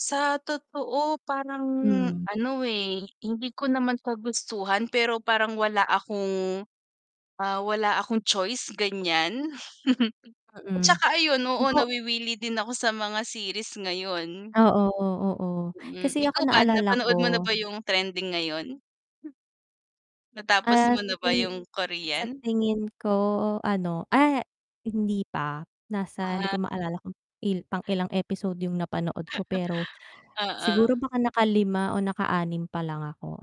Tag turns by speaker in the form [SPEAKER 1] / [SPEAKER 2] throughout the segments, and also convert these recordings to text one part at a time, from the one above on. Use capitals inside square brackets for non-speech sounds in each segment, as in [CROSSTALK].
[SPEAKER 1] Sa totoo parang
[SPEAKER 2] Hmm.
[SPEAKER 1] ano, eh, hindi ko naman kagustuhan pero parang wala akong, ah, wala akong choice ganiyan, [CHUCKLES] at
[SPEAKER 2] Mm.
[SPEAKER 1] saka ayun, oo,
[SPEAKER 2] Ako
[SPEAKER 1] nawiwili din ako sa mga series ngayon.
[SPEAKER 2] Oo, oo,
[SPEAKER 1] Hmm,
[SPEAKER 2] kasi ako
[SPEAKER 1] ikaw ba,
[SPEAKER 2] naalala
[SPEAKER 1] napanood mo na
[SPEAKER 2] ko.
[SPEAKER 1] ba yung trending ngayon? Natapos
[SPEAKER 2] Ah,
[SPEAKER 1] mo
[SPEAKER 2] sa
[SPEAKER 1] na ba
[SPEAKER 2] tingi
[SPEAKER 1] yung
[SPEAKER 2] sa
[SPEAKER 1] Korean?
[SPEAKER 2] tingin ko ano, ah hindi pa, nasa hindi
[SPEAKER 1] Ah
[SPEAKER 2] ko maalala kung i pang ilang episode yung napanood
[SPEAKER 1] [CHUCKLES]
[SPEAKER 2] ko pero,
[SPEAKER 1] Oo.
[SPEAKER 2] siguro baka nakalima o nakaanim pa lang ako,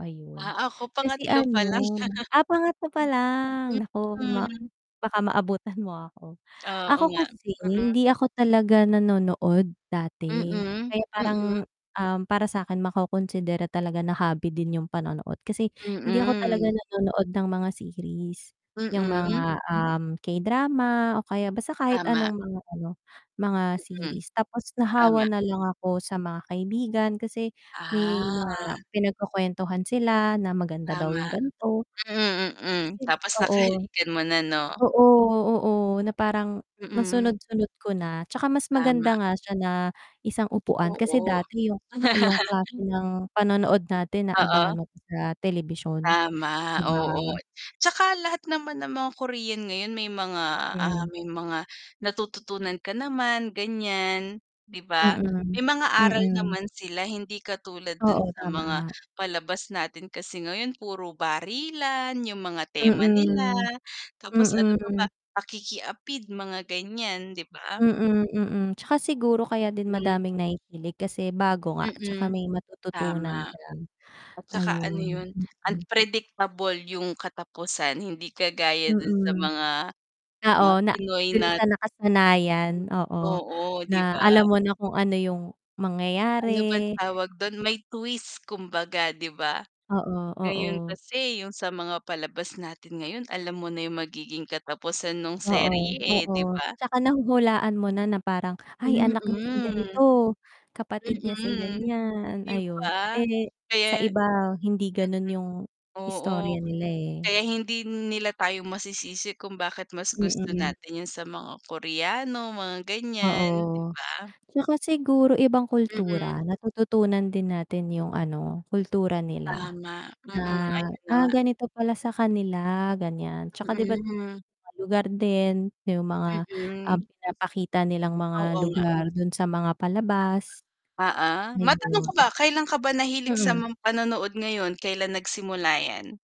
[SPEAKER 1] Ah,
[SPEAKER 2] ayun.
[SPEAKER 1] ako
[SPEAKER 2] Kasi
[SPEAKER 1] pangatlo
[SPEAKER 2] ano,
[SPEAKER 1] pa lang. [CHUCKLES]
[SPEAKER 2] ah, pangatlo palang, naku ma
[SPEAKER 1] Mm.
[SPEAKER 2] baka maabutan mo ako.
[SPEAKER 1] [SMACKS LIPS] Oo
[SPEAKER 2] Ako
[SPEAKER 1] nga.
[SPEAKER 2] kasi
[SPEAKER 1] Mm.
[SPEAKER 2] hindi ako talaga nanonood dati,
[SPEAKER 1] Mm,
[SPEAKER 2] kaya parang,
[SPEAKER 1] mm.
[SPEAKER 2] um, para sa'kin makokonsidera talaga na hobby din yung panonood kasi hindi ako talaga
[SPEAKER 1] Mm.
[SPEAKER 2] nanonood ng mga series, yung
[SPEAKER 1] Mm.
[SPEAKER 2] mga, um, K-drama o kaya basta kahit
[SPEAKER 1] Tama.
[SPEAKER 2] anong mga ano, mga
[SPEAKER 1] Mm.
[SPEAKER 2] series tapos
[SPEAKER 1] Tama.
[SPEAKER 2] nahawa nalang ako sa mga kaibigan kasi may mga
[SPEAKER 1] Ah.
[SPEAKER 2] pinagkukuwentuhan sila na maganda daw yung
[SPEAKER 1] Tama,
[SPEAKER 2] gan'to,
[SPEAKER 1] hmm, mm,
[SPEAKER 2] tas yun
[SPEAKER 1] tapos
[SPEAKER 2] oo,
[SPEAKER 1] nakahalikan mo na 'no?
[SPEAKER 2] oo, oo, na parang
[SPEAKER 1] Mm.
[SPEAKER 2] nasunod-sunod ko na, 'tsaka mas maganda
[SPEAKER 1] Tama.
[SPEAKER 2] nga siya na isang upuan kasi
[SPEAKER 1] Oo.
[SPEAKER 2] dati yung
[SPEAKER 1] [LAUGHS]
[SPEAKER 2] yung klase ng panonood natin aabangan
[SPEAKER 1] Oo.
[SPEAKER 2] mo pa sa telebisyon,
[SPEAKER 1] Tama,
[SPEAKER 2] 'di ba?
[SPEAKER 1] oo, 'tsaka lahat naman ng mga Korean ngayon may mga, ah,
[SPEAKER 2] Hmm.
[SPEAKER 1] may mga natututunan ka naman ganiyan, 'di ba?
[SPEAKER 2] Mm,
[SPEAKER 1] May mga aral
[SPEAKER 2] mm.
[SPEAKER 1] naman sila, hindi katulad dun
[SPEAKER 2] Oo,
[SPEAKER 1] sa
[SPEAKER 2] tama
[SPEAKER 1] mga
[SPEAKER 2] nga.
[SPEAKER 1] palabas natin kasi ngayon puro barilan, yung mga tema nila
[SPEAKER 2] Mm.
[SPEAKER 1] tapos ano pa ba,
[SPEAKER 2] Mm.
[SPEAKER 1] pakiki-apid, mga ganiyan, 'di ba?
[SPEAKER 2] Mm, mm, tsaka siguro kaya din
[SPEAKER 1] Hmm.
[SPEAKER 2] madaming nahihilig kasi bago nga, 'tsaka
[SPEAKER 1] Mm,
[SPEAKER 2] may matututunan
[SPEAKER 1] tama.
[SPEAKER 2] ka,
[SPEAKER 1] At saka ano
[SPEAKER 2] ayun,
[SPEAKER 1] yun,
[SPEAKER 2] mm.
[SPEAKER 1] unpredictable yung katapusan, hindi kagaya dun sa
[SPEAKER 2] Mm.
[SPEAKER 1] mga
[SPEAKER 2] Oo na
[SPEAKER 1] Pinoy
[SPEAKER 2] dun
[SPEAKER 1] na
[SPEAKER 2] sa nakasanayan oo
[SPEAKER 1] Oo, 'di
[SPEAKER 2] na
[SPEAKER 1] ba?
[SPEAKER 2] alam mo na kung ano yung
[SPEAKER 1] Ano bang
[SPEAKER 2] mangyayari.
[SPEAKER 1] tawag dun, may twist kumbaga 'di ba?
[SPEAKER 2] Oo,
[SPEAKER 1] Ngayon
[SPEAKER 2] oo.
[SPEAKER 1] kasi yung sa mga palabas natin ngayon alam mo na yung magiging katapusan nung
[SPEAKER 2] Oo,
[SPEAKER 1] serye eh, 'di
[SPEAKER 2] oo
[SPEAKER 1] ba?
[SPEAKER 2] tsaka nahuhulaan mo na, na parang, "Ay
[SPEAKER 1] Mm.
[SPEAKER 2] anak niya sa ganito, kapatid niya sa
[SPEAKER 1] Mm,
[SPEAKER 2] ganiyan,"
[SPEAKER 1] 'di
[SPEAKER 2] ayun,
[SPEAKER 1] ba?
[SPEAKER 2] eh, sa
[SPEAKER 1] Kaya
[SPEAKER 2] iba hindi ganun yung
[SPEAKER 1] Oo,
[SPEAKER 2] istorya nila eh.
[SPEAKER 1] kaya hindi nila tayo masisisi kung bakit mas gusto
[SPEAKER 2] Mm.
[SPEAKER 1] natin yun sa mga Koreano, mga ganiyan, 'di
[SPEAKER 2] Oo,
[SPEAKER 1] ba?
[SPEAKER 2] 'tsaka siguro ibang
[SPEAKER 1] Mm.
[SPEAKER 2] kultura, natututunan din natin yung ano kultura nila,
[SPEAKER 1] Tama,
[SPEAKER 2] na,
[SPEAKER 1] mm, ayun na
[SPEAKER 2] "Ah,
[SPEAKER 1] nga.
[SPEAKER 2] ganito pala sa kanila, ganiyan," 'tsaka 'di ba't
[SPEAKER 1] Mhm.
[SPEAKER 2] ibang lugar din, yung mga, ah,
[SPEAKER 1] Mm.
[SPEAKER 2] pinapakita nilang mga
[SPEAKER 1] Oo nga.
[SPEAKER 2] lugar dun sa mga palabas?
[SPEAKER 1] Oo, matanong
[SPEAKER 2] Ayon.
[SPEAKER 1] ko ba, kailan ka ba nahilig sa
[SPEAKER 2] Ayon. Mm.
[SPEAKER 1] mga panonood ngayon, kailan nagsimula yan?